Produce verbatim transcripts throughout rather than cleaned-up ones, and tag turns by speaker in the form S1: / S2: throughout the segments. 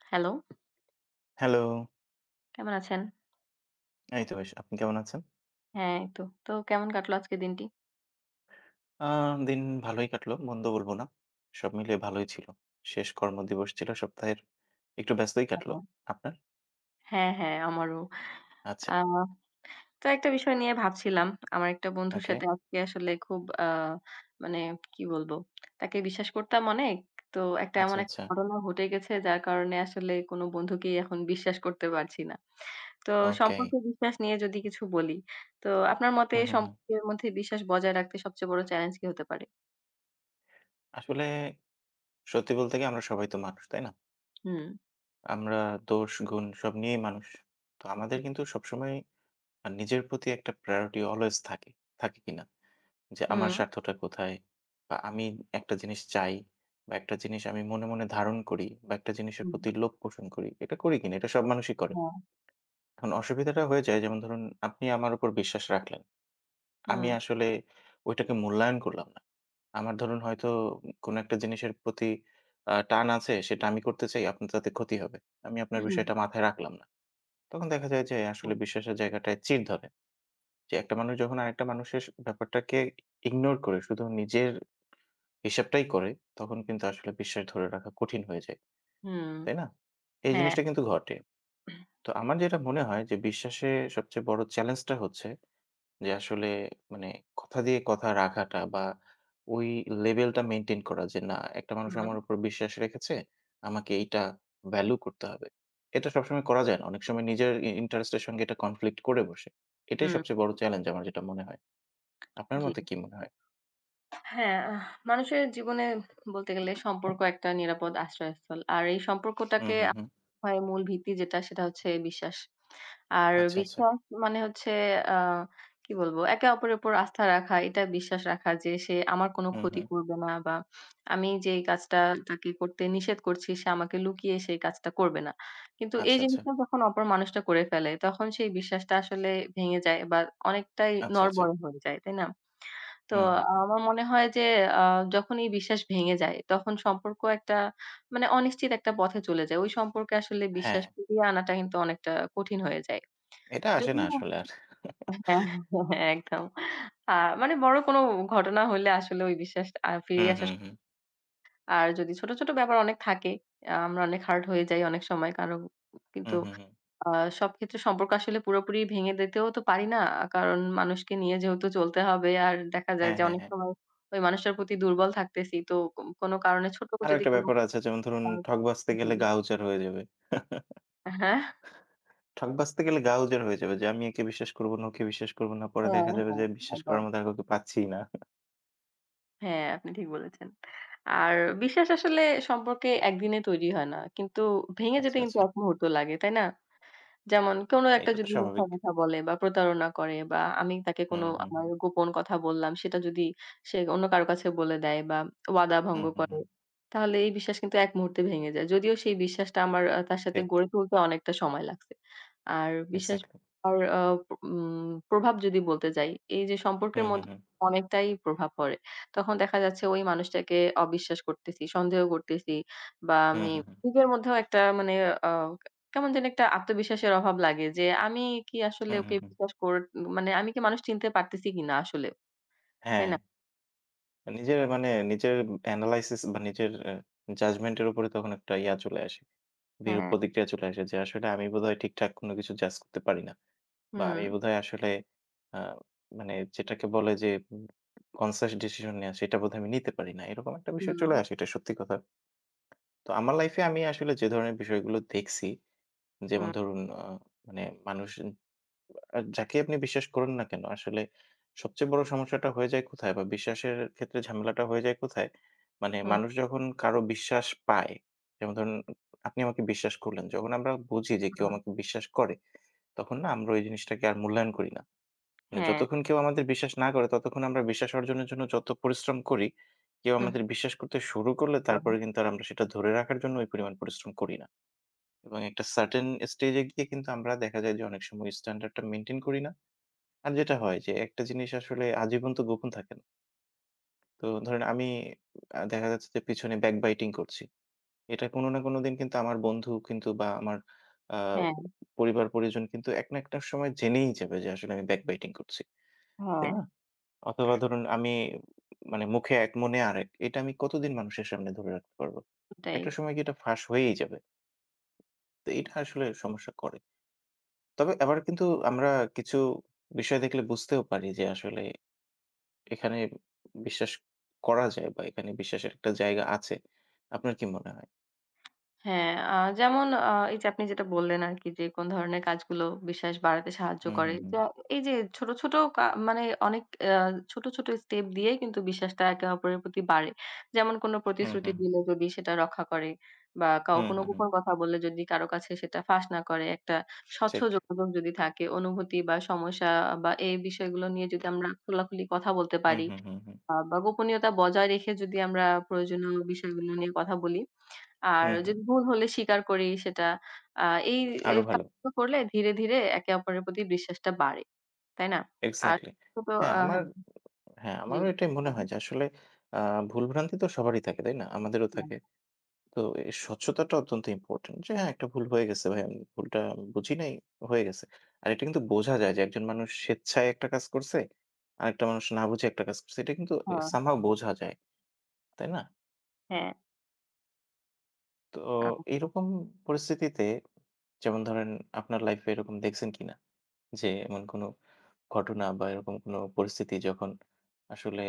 S1: Hello.
S2: Hello.
S1: কেমন আছেন?
S2: এইতো বেশ, আপনি কেমন আছেন?
S1: হ্যাঁ, এইতো। তো, কেমন কাটলো আজকের দিনটি?
S2: আ দিন ভালোই কাটলো, মন্দ বলবো না। সব মিলিয়ে ভালোই ছিলো। শেষ কর্মদিবস ছিলো সপ্তাহের। একটু ব্যস্তই কাটলো।
S1: ও।
S2: আপনার?
S1: হ্যাঁ, হ্যাঁ আমারো।
S2: আচ্ছা।
S1: আ তো একটা বিষয় নিয়ে ভাবছিলাম। আমার একটা বন্ধুর
S2: ওকে।
S1: সাথে আজকে আসলে খুব আ মানে কী বলবো? তাকে বিশ্বাস করতাম অনেক। তো একটা,
S2: আচ্ছা,
S1: এমন একটা
S2: আচ্ছা।
S1: ঘটনা ঘটে গেছে যার কারণে আসলে কোনো বন্ধুকেই এখন বিশ্বাস করতে পারছি না। তো
S2: ওকেই
S1: সম্পর্কে বিশ্বাস নিয়ে যদি কিছু বলি। তো আপনার মতে
S2: হু, হু, হু।
S1: সম্পর্কের মধ্যে বিশ্বাস বজায় রাখতে সবচেয়ে বড় চ্যালেঞ্জ কী হতে পারে?
S2: আসলে, সত্যি বলতে কী আমরা সবাই তো মানুষ, তাই না?
S1: হুম।
S2: আমরা দোষ-গুণ সব নিয়েই মানুষ। তো আমাদের কিন্তু সবসময় আ নিজের প্রতি একটা প্রায়োরিটি always থাকে, থাকে কিনা? যে আমার
S1: হুম।
S2: স্বার্থটা কোথায় বা আমি একটা জিনিস চাই বা এক -টা জিনিস আমি মনে, মনে ধারণ করি বা একটা জিনিসের
S1: হুম।
S2: প্রতি লোভ পোষণ করি। এটা করি কিনা? এটা সব মানুষই করে।
S1: হ্যাঁ।
S2: এখন অসুবিধাটা হয়ে যায় যেমন ধরুন আপনি আমার উপর বিশ্বাস রাখলেন। আমি
S1: হুম।
S2: আসলে ঐটাকে মূল্যায়ন করলাম না। আমার ধরুন হয়তো কোনো একটা জিনিসের প্রতি আ টান আছে, সেটা আমি করতে চাই আপনার তাতে ক্ষতি হবে। আমি আপনার বিষয়টা
S1: [unintelligible]
S2: মাথায় রাখলাম না। তখন দেখা যায় যে আসলে
S1: [unintelligible]
S2: বিশ্বাসের জায়গাটায় চির ধরে। যে একটা মানুষ যখন আরেকটা মানুষের স ব্যাপারটাকে ignore করে শুধু নিজের হিসাবটাই করে, তখন কিন্তু আসলে বিশ্বাস ধরে রাখা কঠিন হয়ে যায়,
S1: হুম,
S2: তাই না? এই
S1: হ্যাঁ।
S2: জিনিসটা কিন্তু ঘটে। তো আমার যেটা মনে হয় যে বিশ্বাসের সবচেয়ে বড় চ্যালেঞ্জটা হচ্ছে, যে আসলে মানে কথা দিয়ে কথা রাখাটা বা ওই লেভেল টা মেইনটেইন করা, যে, "না একটা মানুষ আমার
S1: [unintelligible]
S2: উপর বিশ্বাস রেখেছে, আমাকে এইটা ভ্যালু করতে হবে।" এটা সবসময় করা যায় না, অনেক সময় নিজের ই interest এর সঙ্গে এটা conflict করে বসে। এটাই
S1: হুম।
S2: সবচেয়ে বড় চ্যালেঞ্জ আমার যেটা মনে হয়। আপনার
S1: জ্বী।
S2: মতে কী মনে হয়?
S1: হ্যাঁ, আহ মানুষের জীবনে বলতে গেলে সম্পর্ক একটা নিরাপদ আশ্রয়স্থল। আর এই
S2: উ
S1: সম্পর্কটাকে
S2: হু,
S1: আপ
S2: হুম।
S1: মূল ভিত্তি যেটা সেটা হচ্ছে বিশ্বাস। আর
S2: আচ্ছা, আচ্ছা।
S1: বিশ্বাস মানে হচ্ছে আ কী বলব? একে অপরের উপর আস্থা রাখা এটা বিশ্বাস রাখা যে, "সে আমার কোনো
S2: হু,
S1: ক্ষতি
S2: হুম।
S1: করবে না বা আমি যেই কাজটা তাকে করতে নিষেধ করছি সে আমাকে লুকিয়ে সে কাজটা করবে না।" কিন্তু এই
S2: আচ্ছা, আচ্ছা।
S1: জিনিসটা যখন অপর মানুষটা করে ফেলে তখন সেই বিশ্বাসটা আসলে ভেঙে যায় বা অনেকটাই
S2: আচ্ছা, আচ্ছা।
S1: নড়বড়ে হয়ে যায়। তাই না? তো
S2: হু, হু, হু।
S1: আমার মনে হয় যে আ যখনি বিশ্বাস ভেঙে যায় তখন সম্পর্ক একটা মানে অনিশ্চিত ১ একটা পথে চলে যায়। ওই সম্পর্কে আসলে বিশ্বাস
S2: হ্যাঁ।
S1: ফিরিয়ে আনাটা কিন্তু অনেকটা কঠিন হয়ে যায়।
S2: এটা আসে না
S1: যদিও
S2: আসলে আর।
S1: একদম। আ মানে বড় কোনো ঘটনা হইলে আসলে ওই বিশ্বাসটা ফিরে
S2: হুম,
S1: আসার
S2: হুম, হুম।
S1: আর যদি ছোট, ছোট ব্যাপার অনেক থাকে, অ্যা আমরা অনেক হার্ড হয়ে যাই অনেক সময় কারং
S2: উ
S1: কিন্তু
S2: হুম, হুম।
S1: আ সব ক্ষেত্রে সম্পর্ক আসলে পুরোপুরি ভেঙে দিতেও তো পারি না। কারণ মানুষকে নিয়ে যেহেতু চলতে হবে, আর দেখা যায়
S2: হ্যাঁ,
S1: যে
S2: হ্যাঁ,
S1: অনেক
S2: হ্যাঁ।
S1: সময় ওই মানুষটার প্রতি দুর্বল থাকতেছি। তো কো কোনো কারণে ছোট
S2: আরও
S1: যদি,
S2: একটা
S1: কোনো
S2: ব্যাপার আছে। যেমন ধরুন,
S1: [unintelligible]
S2: "ঠক বাছতে
S1: জি।
S2: গেলে গা উজার হয়ে যাবে।"
S1: অ্যা হ্যাঁ।
S2: ঠক বাছতে গেলে গা উজার হয়ে যাবে যে, "আমি একে বিশ্বাস করবোনা, ওকে বিশ্বাস করবোনা, পরে
S1: হ্যাঁ,
S2: দেখা যাবে
S1: হ্যাঁ,
S2: যে বিশ্বাস
S1: একদম।
S2: করার মতো আর কাউকে পাচ্ছিই না।"
S1: হ্যাঁ, আপনি ঠিক বলেছেন। আর বিশ্বাস আসলে সম্পর্কে একদিনে তৈরি হয় না। কিন্তু ভেঙে
S2: আচ্ছা,
S1: যেতে কিন্তু
S2: আচ্ছা।
S1: এক মুহূর্ত লাগে। তাই না? যেমন কোনো একটা
S2: এটা তো
S1: যদি মিথ্যা
S2: স্বাভাবিক।
S1: কথা বলে বা প্রতারণা করে বা আমি তাকে কোন
S2: হুম, হুম,
S1: আমার
S2: হুম।
S1: গোপন কথা বল্লাম সেটা যদি সে অন্য কারো কাছে বলে দেয় বা ওয়াদা ভঙ্গ
S2: হুম, হুম,
S1: করে।
S2: হুম।
S1: তাহলে এই বিশ্বাস কিন্তু এক মুহূর্তে ভেঙে যায়। যদিও সেই বিশ্বাসটা আমার আ তার সাথে
S2: ঠিক।
S1: গড়ে তুলতে অনেকটা সময় লাগছে। আর বিশ্বাস
S2: এক্সাক্টলি।
S1: আর অ প উম প্রভাব যদি বলতে যাই এই যে সম্পর্কের
S2: হুম, হুম,
S1: মধ্যে
S2: হুম।
S1: অনেকটাই প্রভাব পড়ে। তখন দেখা যাচ্ছে ঐ মানুষটাকে অবিশ্বাস করতেছি, সন্দেহ করতেছি বা
S2: হুম,
S1: আমি
S2: হুম, হুম।
S1: নিজের মধ্যেও অনেকটা মানে আ কেমন যেন একটা আত্মবিশ্বাসের অভাব লাগে, যে আমি কি আসলে
S2: হুম,
S1: ওকে
S2: হুম, হুম।
S1: বিশ্বাস কর আমি কি মানুষ চিনতে পারতেছি কিনা আসলে। তাই
S2: হ্যাঁ।
S1: না?
S2: নিজের মানে নিজের এব এনালাইসিস বা নিজের এ জাজমেন্টের উপরে তখন একটা ইয়া চলে আসে, বিরূপ
S1: হ্যাঁ।
S2: প্রতিক্রিয়া চলে আসে, যে আসলে আমি বোধহয় ঠিকঠাক কোন কিছু জাজ করতে পারি না। বা আমি
S1: হুম।
S2: বোধহয় আসলে অ্যা মানে যেটাকে বলে যে এব কনসিয়াস ডিসিশন নিয়া, সেটা বোধহয় আমি নিতে পারি না। এরকম একটা বিষয় চলে
S1: হুম।
S2: আসে, এটা সত্যি কথা। তো আমার লাইফে আমি আসলে যে ধরনের বিষয়গুলো দেখছি,
S1: হুম।
S2: যেমন ধরুন অ মানে মানুষ অ যাকে আপনি বিশ্বাস করুন না কেন, আসলে সবচেয়ে বড় সমস্যাটা হয়ে যায় কোথায় বা বিশ্বাসের ক্ষেত্রে ঝামেলাটা হয়ে যায় কোথায়? মানে
S1: হুম।
S2: মানুষ যখন কারো বিশ্বাস পায় যেমন ধরুন, আপনি আমাকে বিশ্বাস করলেন যখন আমরা বুঝি যে কেউ
S1: হুম।
S2: আমাকে বিশ্বাস করে। তখন না আমরা ওই জিনিসটাকে আর মূল্যায়ন করি না। মানে
S1: হ্যাঁ।
S2: যতক্ষণ কেউ আমাদের বিশ্বাস না করে ততক্ষণ আমরা বিশ্বাস অর্জনের জন্য যত পরিশ্রম করি কেউ
S1: হুম।
S2: আমাদের বিশ্বাস করতে শুরু করলে
S1: হু, হুম।
S2: তারপরে কিন্তু আমরা সেটা ধরে রাখার জন্য ওই পরিমাণ পরিশ্রম করি না। এবং একটা সার্টেন স্টেজে গিয়ে কিন্তু আমরা দেখা যায় যে অনেক সময় স্ট্যান্ডার্ডটা মেইনটেইন করি না। আর যেটা হয় যে একটা জিনিস আসলে আজীবন তো গোপন থাকে না। তো ধরেন আমি আ দেখা যাচ্ছে যে পিছনে ব্যাক বাইটিং করছি। এটা কোন না কোন দিন কিন্তু আমার বন্ধু কিন্তু বা আমার আ
S1: হ্যাঁ।
S2: পরিবার পরিজন কিন্তু এক না একটা সময় জেনেই যাবে, যে আসলে আমি ব্যাক বাইটিং করছি। তাই
S1: হ্যাঁ।
S2: না? অথবা ধরুন আমি ই মানে মুখে এক মনে আরেক এটা আমি কতদিন মানুষের সামনে ধরে রাখতে পারবো?
S1: ওটাই।
S2: একটা সময় গিয়ে এটা ফাঁস হয়েই যাবে। তো এইটা আসলে সমস্যা করে। তবে আবার কিন্তু আমরা কিছু বিষয় দেখলে বুঝতেও পারি যে, আসলে এখানে বিশ্বাস করা যায় বা এখানে বিশ্বাসের একটা জায়গা আছে। আপনার কি মনে হয়?
S1: হ্যাঁ। আ যেমন আ এইযে আপনি যেটা বললেন আরকি যে কোন ধরনের কাজগুলো বিশ্বাস বাড়াতে সাহায্য
S2: হু, হু,
S1: করে।
S2: হু।
S1: যা এইযে ছোট, ছোট কা মানে অনেক আ ছোট, ছোট স্টেপ দিয়েই কিন্তু বিশ্বাসটা একে অপরের প্রতি বাড়ে। যেমন কোন
S2: হু,
S1: প্রতিশ্রুতি
S2: হু।
S1: দিলে যদি সেটা রক্ষা করে বা
S2: হু,
S1: কাও কোন
S2: হু, হু।
S1: গোপন কথা বললে যদি কারো কাছে সেটা ফাঁস না করে একটা স্বচ্ছ
S2: ঠিক।
S1: যোগাযোগ যদি থাকে, অনুভূতি বা সমস্যা বা এই বিষয়গুলো নিয়ে যদি আমরা খোলাখুলি কথা বলতে
S2: হু,
S1: পারি
S2: হু, হু, হু।
S1: আ বা গোপনীয়তা বজায় রেখে যদি আমরা প্রয়োজনীয় বিষয়গুলো নিয়ে কথা বলি।
S2: হু,
S1: আর
S2: হু।
S1: যদি ভুল হলে স্বীকার করি সেটা, আ এই এ
S2: আরও ভালো।
S1: কাজগুলো করলে ধীরে, ধীরে একে অপরের প্রতি বিশ্বাসটা বাড়ে। তাই না? আর
S2: এক্সাক্টলি।
S1: টুট
S2: হ্যাঁ, আমার...
S1: আহান...
S2: হ্যাঁ,
S1: জি।
S2: আমারও এটাই মনে
S1: বলেন।
S2: হয় যে আসলে আ ভুল ভ্রান্তিতো সবারই থাকে তাই না? আমাদেরও
S1: হ্যাঁ।
S2: থাকে। তো এই স্বচ্ছতাটা অত্যন্ত ইম্পোর্টেন্ট। যে হ্যাঁ, একটা ভুল হয়ে গেছে ভাই, ভুলটা বুঝি নাই, হয়ে গেছে। আর এটা কিন্তু বোঝা যায় যে একজন মানুষ স্বেচ্ছায় একটা কাজ করছে, আরেকটা মানুষ না বুঝে একটা কাজ করছে। এটা কিন্তু
S1: হা
S2: সামহাউ বোঝা যায়। তাই না?
S1: হ্যাঁ।
S2: তো
S1: কাকু।
S2: এরকম পরিস্থিতিতে, যেমন ধরেন আপনার লাইফে এরকম দেখছেন কিনা? যে এমন কোন ঘটনা বা এরকম কোন পরিস্থিতি যখন আসলে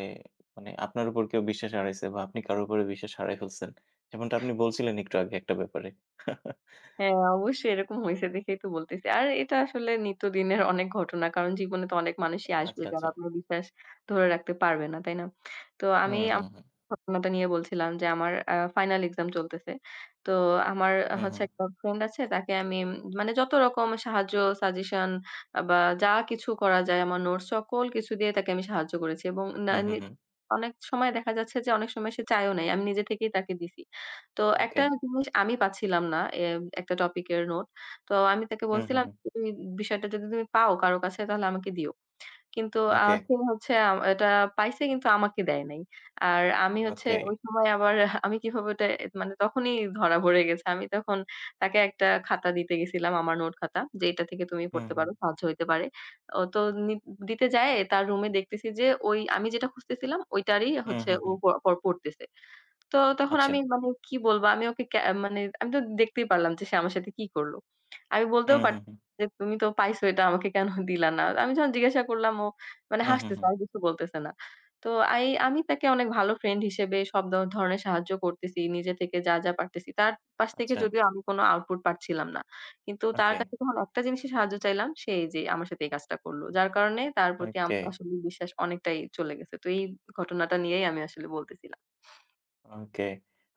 S2: মানে আপনার উপর কেউ বিশ্বাস হারাইছে বা আপনি কারো উপরে বিশ্বাস হারাই ফেলছেন। যেমনটা আপনি বলছিলেন একটু আগে একটা ব্যাপারে।
S1: হ্যাঁ, অবশ্যই, এরকম হইছে দেখেই তো বলতেছি। আরে এটা আসলে নিত্যদিনের অনেক ঘটনা। কারণ জীবনেতো অনেক মানুষই আসবে
S2: আচ্ছা,
S1: যারা
S2: আচ্ছা।
S1: আপনার বিশ্বাস ধরে রাখতে পারবে না। তাই না? তো
S2: হু,
S1: আমি
S2: হু,
S1: আমার
S2: হু।
S1: ঘটনাটা নিয়ে বলছিলাম যে আমার আ ফাইনাল এক্সাম চলতেছে। তো আমার
S2: হু,
S1: হচ্ছে
S2: হু।
S1: একটা ফ্রেন্ড আছে তাকে আমি উম মানে যতরকম সাহায্য সাজেশন আ বা যা কিছু করা যায় আমার নোটস সকল কিছু দিয়ে তাকে আমি সাহায্য করেছি। এবং না
S2: হু, হু,
S1: নি
S2: হু।
S1: অনেক সময় দেখা যাচ্ছে যে অনেক সময় সে চায়ও নাই। আমি নিজে থেকেই তাকে দিছি। তো
S2: ওকে।
S1: একটা জিনিস আমি পাচ্ছিলাম না এ একটা টপিকের নোট। তো আমি তাকে
S2: হু, হু,
S1: বলছিলাম
S2: হু।
S1: তুই বিষয়টা যদি তুমি পাও কারো কাছে তাহলে আমাকে দিও। কিন্তু আ
S2: ওকে।
S1: সে হচ্ছে আ এটা পাইছে কিন্তু আমাকে দেয় নাই। আর আমি হচ্ছে
S2: ওকে!
S1: ঐ সময় আমার আমি কিভাবে ওটা মানে তখনই ধরা পড়ে গেছে। আমি তখন তাকে একটা খাতা দিতে গেছিলাম আমার নোট খাতা, যে এটা থেকে তুমি পড়তে
S2: হুম।
S1: পারো। সাহায্য হইতে পারে। ও তো নি দিতে যায়ে তার রুমে দেখতেছি যে ওই আমি যেটা খুঁজতেছিলাম ঐটারই
S2: উ
S1: হচ্ছে
S2: হু,
S1: ও
S2: হু।
S1: পড় পড়তেছে। তো তখন আমি
S2: আচ্ছা।
S1: মানে কি বলব আমি ওকে ক্যা মানে আমিতো দেখতেই পারলাম যে সে আমার সাথে কি করল। আমি
S2: উ
S1: বলতেও
S2: হু,
S1: পারছি না
S2: হু।
S1: যে তুমি তো পাইছো এটা আমাকে কেন দিলা না? আমি যখন জিজ্ঞাসা করলাম ও মানে
S2: হু, হু,
S1: হাসতেছে
S2: হু।
S1: আর কিছু বলতেছে না। তো আই আমি তাকে অনেক ভালো ফ্রেন্ড হিসেবে সব দ ধরনের সাহায্য করতেছি। নিজে থেকে যা, যা পারতেছি। তার পাশ থেকে
S2: আচ্ছা।
S1: যদিও আমি কোন আউটপুট পাচ্ছিলাম না। কিন্তু তার
S2: ওকে।
S1: কাছে যখন একটা জিনিসের সাহায্য চাইলাম সে এইযে আমার সাথে এই কাজটা করল। যার কারণে তার প্রতি আমার
S2: ওকে!
S1: আসলে বিশ্বাস অনেকটাই চলে গেছে। তো এই ঘটনাটা নিয়েই আমি আসলে বলতেছিলাম।
S2: ওকে।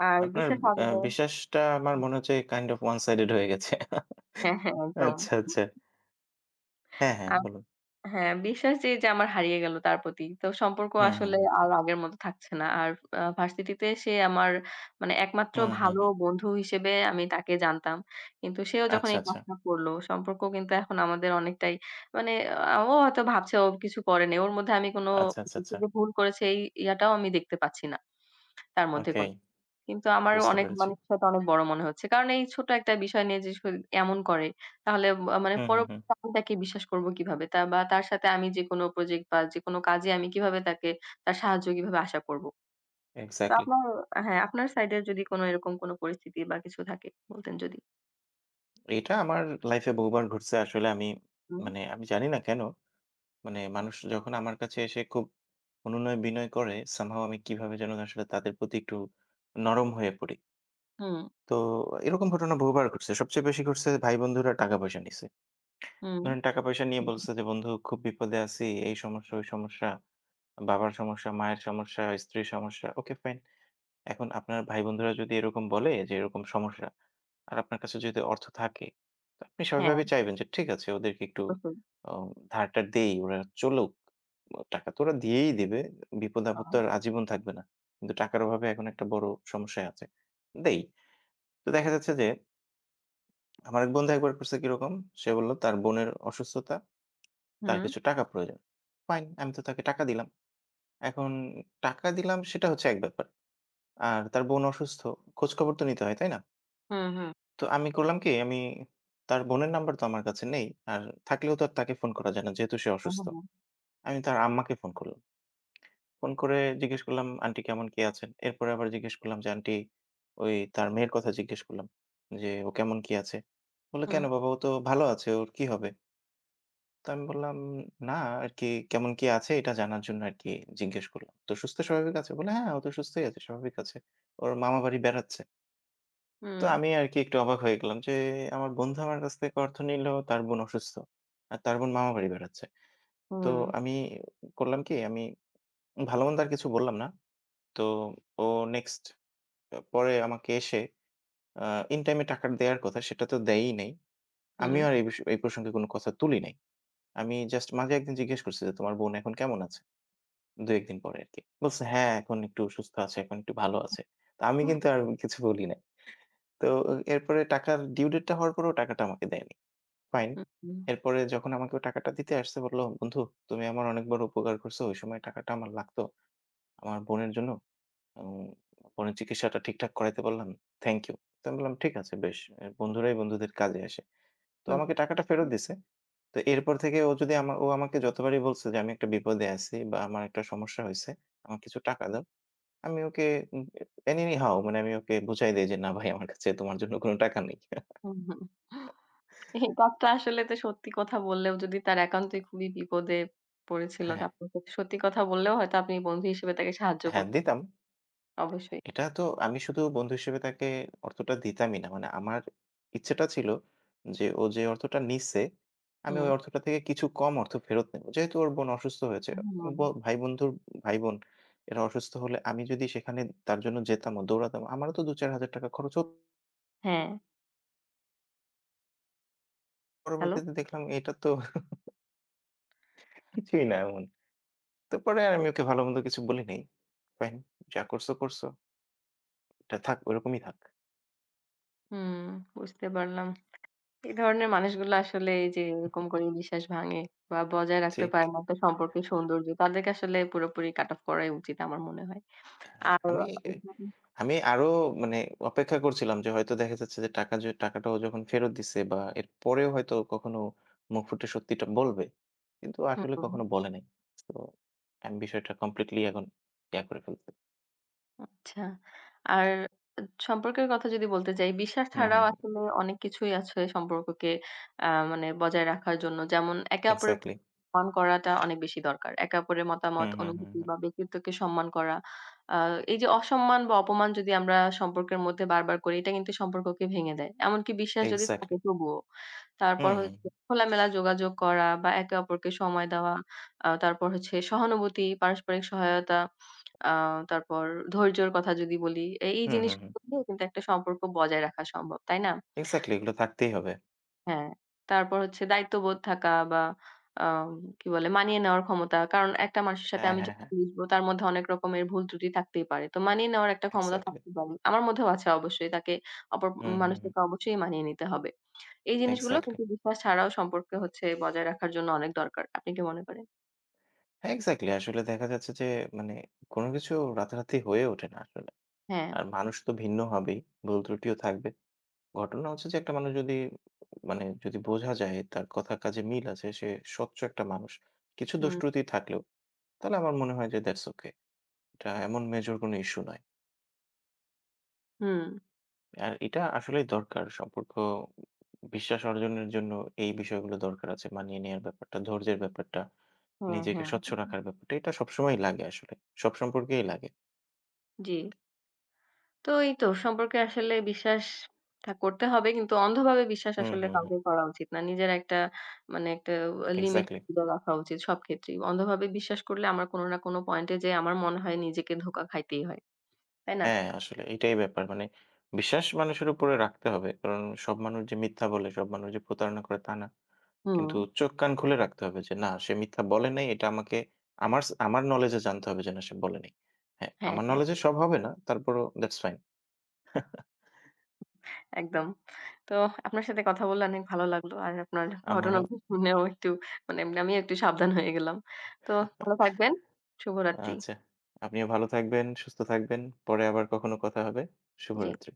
S1: আর
S2: আপনার
S1: বিশ্বাস
S2: আ
S1: হারালে
S2: বিশ্বাসটা আমার
S1: হুম।
S2: মনে হচ্ছে কাইন্ড ওফ ওয়ান সাইডেড হয়ে গেছে।
S1: হ্যাঁ, হ্যাঁ, একদম।
S2: আচ্ছা, আচ্ছা। হ্যাঁ, হ্যাঁ,
S1: আম
S2: বলুন।
S1: হ্যাঁ, বিশ্বাস যেই যে আমার হারিয়ে গেল তার প্রতি। তো সম্পর্ক
S2: হু, হু,
S1: আসলে
S2: হু।
S1: আর আগের মত থাকছে না। আর আ ভার্সিটিতে সে আমার মানে একমাত্র
S2: হু, হু,
S1: ভালো
S2: হু।
S1: বন্ধু হিসেবে আমি তাকে জানতাম। কিন্তু সেও যখন
S2: আচ্ছা,
S1: এই
S2: আচ্ছা।
S1: কাজটা করল সম্পর্ক কিন্তু এখন আমাদের অনেকটাই মানে আ ও হয়তো ভাবছে ও কিছু করেনি। ওর মধ্যে আমি কোন
S2: আচ্ছা, আচ্ছা, আচ্ছা,
S1: কিছু
S2: আচ্ছা।
S1: যে ভুল করেছি এই ইয়াটাও আমি দেখতে পাচ্ছি না। তার মধ্যে
S2: ওকে।
S1: কোন। কিন্তু আমারও
S2: বুঝতে
S1: অনেক
S2: পেরেছি।
S1: মানুষের সাথে অনেক বড় মনে হচ্ছে। কারণ এই ছোট একটা বিষয় নিয়ে যেস করে, এমন করে তাহলে আ মানে
S2: হু, হু, হু।
S1: পরবর্তীতে আমি তাকে বিশ্বাস করব কিভাবে? তার বা তার সাথে আমি যেকোনো প্রজেক্ট বা যেকোনো কাজে আমি কিভাবে তাকে, তার সাহায্য কিভাবে আশা করব। তো
S2: এক্সাক্টলি।
S1: আপনার হ্যাঁ, আপনার সাইডের যদি কোনো এরকম কোনো পরিস্থিতি বা কিছু থাকে? বলতেন যদি।
S2: এটা আমার লাইফে বহুবার ঘটছে আসলে আমি,
S1: হুম।
S2: মানে আমি জানি না কেনো? মানে মানুষ যখন আমার কাছে এসে খুব অনুনয়-বিনয় করে, some how, আমি কিভাবে যেন আসলে তাদের প্রতি একটু নরম হয়ে পড়ি।
S1: হুম।
S2: তো এরকম ঘটনা বহুবার ঘটছে, সবচেয়ে বেশি ঘটছে ভাই-বন্ধুরা টাকা-পয়সা নিছে।
S1: হুম।
S2: ধরুন টাকা-পয়সা নিয়ে বলছে যে, বন্ধু খুব বিপদে আছি, এই সমস্যা, ওই সমস্যা, বাবার সমস্যা, মায়ের সমস্যা, স্ত্রীর সমস্যা, ওকে ফাইন। এখন আপনার ভাই-বন্ধুরা যদি এরকম বলে যে, এরকম সমস্যা আর আপনার কাছে যদি অর্থ থাকে, তো আপনি সভাবে
S1: হ্যাঁ।
S2: চাইবেন যে ঠিক আছে ওদেরকে একটু
S1: [unintelligible]
S2: অ ধারটা দেই, ওরা চলুক। টাকাতো ওরা দিয়েই দিবে,
S1: আ
S2: বিপদ-আপদ তো
S1: হুঁ।
S2: আর আজীবন থাকবে না। কিন্তু টাকার অভাবে এখন একটা বড় সমস্যায় আছে, দেই। তো দেখা যাচ্ছে যে আমার এক বন্ধু একবার করছে কিরকম? সে বলল তার বোনের অসুস্থতা, তার
S1: হুম।
S2: কিছু টাকা প্রয়োজন। ফাইন, আমি তো তাকে টাকা দিলাম। এখন টাকা দিলাম সেটা হচ্ছে এক ব্যাপার, আর তার বোন অসুস্থ, খোঁজ খবরতো নিতে হয় তাই না?
S1: হুম, হুম।
S2: তো আমি করলাম কি? আমি তার বোনের নাম্বার তো আমার কাছে নেই, আর থাকলেও তো তাকে ফোন করা যায় না, যেহেতু সে
S1: হুম,
S2: অসুস্থ।
S1: হুম, হুঁ।
S2: আমি তার আম্মাকে ফোন করলাম। ফোন করে জিজ্ঞেস করলাম, "আন্টি কেমন, কি আছেন?" এরপরে আবার জিজ্ঞেস করলাম যে আন্টি, ওই তার মেয়ের কথা জিজ্ঞেস করলাম, যে, "ও কেমন কি আছে?" বললো,
S1: হুম।
S2: "কেনো বাবা? ও তো ভালো আছে, ওর কি হবে?" তো আমি বললাম, "না আরকি কেমন কি আছে এটা জানার জন্য আরকি জিজ্ঞেস করলাম। তো সুস্থ স্বাভাবিক আছে?" বলল, "হ্যাঁ ও তো সুস্থই আছে স্বাভাবিক আছে। ওর মামা বাড়ি বেড়াচ্ছে।" তো
S1: হুম।
S2: আমি আরকি একটু অবাক হয়ে গেলাম যে আমার বন্ধু আমার কাছ থেকে অর্থ নিল তার বোন অসুস্থ। আর তার বোন মামার বাড়ি বেড়াচ্ছে। তো
S1: হুম।
S2: আমি করলাম কি আমি ভালোমন্দ আর কিছু বললাম না। তো ও নেক্সট আ পরে আমাকে এসে আ ইন টাইমে টাকাটা দেয়ার কথা সেটাতো দেয়ই নাই। আমিও
S1: হুম।
S2: আর এই বিস এই প্রসঙ্গে কোনো কথা তুলি নাই। আমি জাস্ট মাঝে একদিন জিজ্ঞেস করছি যে, "তোমার বোন এখন কেমন আছে?" দুই-এক দিন পরে আরকি। বলছে, "হ্যাঁ, এখন একটু সুস্থ আছে, এখন একটু ভালো আছে।" তো আমি কিন্তু আর
S1: [unintelligible]
S2: কিছু বলি নাই। তো এরপরে টাকার ডিউ ডেটটা হওয়ার পরেও ও টাকাটা আমাকে দেয়নি। ফাইন।
S1: হু, হুম।
S2: এরপরে যখন আমাকে ও টাকাটা দিতে আসছে বলল, "বন্ধু তুমি আমার অনেকবার উপকার করছো ঐ সময় টাকাটা আমার লাগতো। আমার বোনের জন্য, আম বোনের চিকিৎসাটা ঠিকঠাক করাইতে পারলাম। Thank you." তো আমি বললাম, "ঠিক আছে বেশ এ বন্ধুরাই বন্ধুদের কাজে আসে।" তো
S1: হুম।
S2: আমাকে টাকাটা ফেরত
S1: উ
S2: দিছে। তো এরপর থেকে ও যদি আমা ও আমাকে যতবারই বলছে যে আমি একটা বিপদে আছি বা আমার একটা সমস্যা হইছে আমার কিছু টাকা দাও। আমি ওকে উ অ্যানিহাও মানে আমি ওকে বুঝাই দেই যে না ভাই আমার কাছে তোমার জন্য কোনো টাকা নাই।
S1: হু, হু এই কথা আসলে তো সত্যি কথা বললেও যদি তার একান্তই খুবই বিপদে পড়েছিলো।
S2: হ্যাঁ।
S1: [unintelligible] সত্যি কথা বললেও হয়তো আপনি বন্ধু হিসেবে তাকে সাহায্য কর
S2: হ্যাঁ, দিতাম।
S1: অবশ্যই।
S2: এটা তো আমি শুধু বন্ধু হিসেবে তাকে অর্থটা দিতামই না। মানে আমার ইচ্ছেটা ছিলো যে ও যে অর্থটা নিচ্ছে আমি ওই
S1: হুম।
S2: অর্থটা থেকে কিছু কম অর্থ ফেরত নেবো। যেহেতু ওর বোন অসুস্থ হয়েছে।
S1: হুম।
S2: ব ভাই বন্ধুর ভাই-বোন এরা অসুস্থ হলে আমি যদি সেখানে তার জন্য যেতাম ও দৌড়াতাম আমারও তো দুই হাজার-চার হাজার টাকা খরচ হত
S1: হ্যাঁ। হ্যালো?
S2: পরবর্তীতে দেখলাম এটা তো কিছুই না এমন। তারপরে আর আমি ওকে ভালো-মন্দ কিছু বলি নাই। ফাইন যা করছো, করছো এটা থাক, ওরকমই থাক।
S1: হুম, বুঝতে পারলাম। এ ধরনের মানুষগুলো আসলে এই যে এরকম করে বিশ্বাস ভাঙে বা বজায় রাখতে
S2: ঠিক।
S1: পারেনা তো সম্পর্কের সৌন্দর্য। তাদেরকে আসলে পুরোপুরি কাট অফ করাই উচিত আমার মনে হয়
S2: হ্যাঁ,
S1: আর
S2: আমি এ
S1: [unintelligible]
S2: আমি আরো মানে অপেক্ষা করছিলাম যে হয়তো দেখা যাচ্ছে যে টাকা যে টাকাটাও যখন ফেরত দিচ্ছে বা এরপরেও হয়তো কখনো মুখ ফুটে সত্যিটা বলবে। কিন্তু
S1: হ্যাঁ,
S2: আসলে
S1: বলুন।
S2: কখনো বলে নাই। তো আমি বিষয়টা কমপ্লিটলি এখন বেয়ার করে ফেলছি।
S1: আচ্ছা, আর এ সম্পর্কের কথা যদি বলতে যাই বিশ্বাস
S2: হুম, হুম,
S1: ছাড়াও
S2: হুম।
S1: আসলে অনেক কিছুই আছে সম্পর্ককে আ মানে বজায় রাখার জন্য যেমন একে অপরের
S2: এক্সাক্টলি।
S1: সম্মান করাটা অনেক বেশি দরকার। একে অপরের মতামত,
S2: হুম, হুম, হুম,
S1: অনুভূতি
S2: হুম।
S1: বা ব্যক্তিত্বকে সম্মান করা। আ এই যে অসম্মান বা অপমান যদি আমরা সম্পর্কের মধ্যে বারবার করি, এটা কিন্তু সম্পর্ককে ভেঙে দেয়। এমনকি বিশ্বাস যদি
S2: এক্সাক্টলি।
S1: থাকে তবুও।
S2: হু,
S1: তারপর
S2: হু,
S1: হচ্ছে
S2: হু।
S1: খোলামেলা যোগাযোগ করা বা একে অপরকে সময় দেওয়া, আ তারপর হচ্ছে সহানুভূতি, পারস্পরিক সহায়তা, আ তারপর ধৈর্যের কথা যদি বলি, এই
S2: হু, হু, হু।
S1: জিনিসগুলো [unintelligible] কিন্তু একটা সম্পর্ক বজায় রাখা সম্ভব। তাই না?
S2: এক্সাক্টলি এগুলো থাকতেই হবে।
S1: হ্যাঁ, তারপর হচ্ছে দায়িত্ববোধ থাকা বা আ আম কি বলে মানিয়ে নেওয়ার ক্ষমতা। কারণ একটা মানুষের সাথে
S2: হ্যাঁ,
S1: আমি
S2: হ্যাঁ,
S1: যখন
S2: হ্যাঁ।
S1: মিশবো তার মধ্যে অনেক রকমের ভুল-ত্রুটি থাকতেই পারে, তো মানিয়ে নেওয়ার একটা ক্ষমতা
S2: এক্সাক্টলি।
S1: থাকতেই পারে। আমার মধ্যেও আছে, অবশ্যই তাকে অপর
S2: হুম, হুম,
S1: মানুষের
S2: হুম।
S1: সাথে অবশ্যই মানিয়ে নিতে হবে। এই জিনিসগুলো
S2: এক্সাক্টলি।
S1: কিন্তু বিশ্বাস ছাড়াও সম্পর্কে হচ্ছে বজায় রাখার জন্য অনেক দরকার। আপনি কি মনে করেন?
S2: এক্সাক্টলি আসলে দেখা যাচ্ছে যে মানে কোনো কিছু রাতারাতি হয়ে ওঠে না আসলে।
S1: হ্যাঁ।
S2: আর মানুষ তো ভিন্ন হবেই, ভুলত্রুটিও থাকবে। ঘটনা হচ্ছে যে একটা মানুষ যদি মানে যদি বোঝা যায় তার কথা কাজে মিল আছে সে স্বচচ একটা মানুষ কিছু
S1: হুম।
S2: দোষত্রুটি থাকলেও, তাহলে আমার মনে হয় যে দ্যাটস ওকে। এটা এমন মেজর কোনো ইস্যু নয়।
S1: হুম।
S2: আর এটা আসলেই দরকার সম্পর্ক বিশ্বাস অর্জনের জন্য এই বিষয়গুলো দরকার আছে। মানিয়ে নেওয়ার ব্যাপারটা, ধৈর্যের ব্যাপারটা,
S1: হ্যাঁ,
S2: নিজেকে
S1: হ্যাঁ,
S2: স্বচ্ছ
S1: হু।
S2: রাখার ব্যাপারটা। এটা সবসময়ই লাগে আসলে সব সম্পর্কেই লাগে।
S1: জি। তো এই তো সম্পর্কে আসলে বিশ্বাস থা করতে হবে কিন্তু অন্ধভাবে বিশ্বাস
S2: হুম,
S1: আসলে
S2: হুম, হুম।
S1: কাউকে করা উচিত না। নিজের একটা মানে একটা লিমিট
S2: এক্সাক্টলি।
S1: হয়তো রাখা উচিত সব ক্ষেত্রেই। অন্ধভাবে বিশ্বাস করলে আমার কোনো না কোনো পয়েন্টে যেয়ে আমার মনে হয় নিজেকে ধোঁকা খাইতেই হয়। তাই না?
S2: হ্যাঁ, আসলে এইটাই ব্যাপার। মানে বিশ্বাস মানুষের উপরে রাখতে হবে কারণ সব মানুষ যে মিথ্যা বলে, সব মানুষ যে প্রতারণা করে, তা না। কিন্তু
S1: হুম।
S2: চোখ-কান খুলে রাখতে হবে যে না সে মিথ্যা বলে নাই এটা আমাকে আমারস আমার নলেজে জানতে হবে যে না সে বলে নাই। হ্যাঁ,
S1: হ্যাঁ,
S2: আমার
S1: হ্যাঁ।
S2: নলেজে সব হবে না, তারপরও দ্যাটস ফাইন।
S1: একদম। তো আপনার সাথে কথা বললে অনেক ভালো লাগলো, আর আপনার ঘটনা
S2: আমারও
S1: শুনেও একটু মানে আমিও একটু সাবধান হয়ে গেলাম। তো ভালো থাকবেন, শুভরাত্রি।
S2: আচ্ছা, আপনিও ভালো থাকবেন, সুস্থ থাকবেন। পরে আবার কখনো কথা হবে,
S1: জি।
S2: শুভরাত্রি।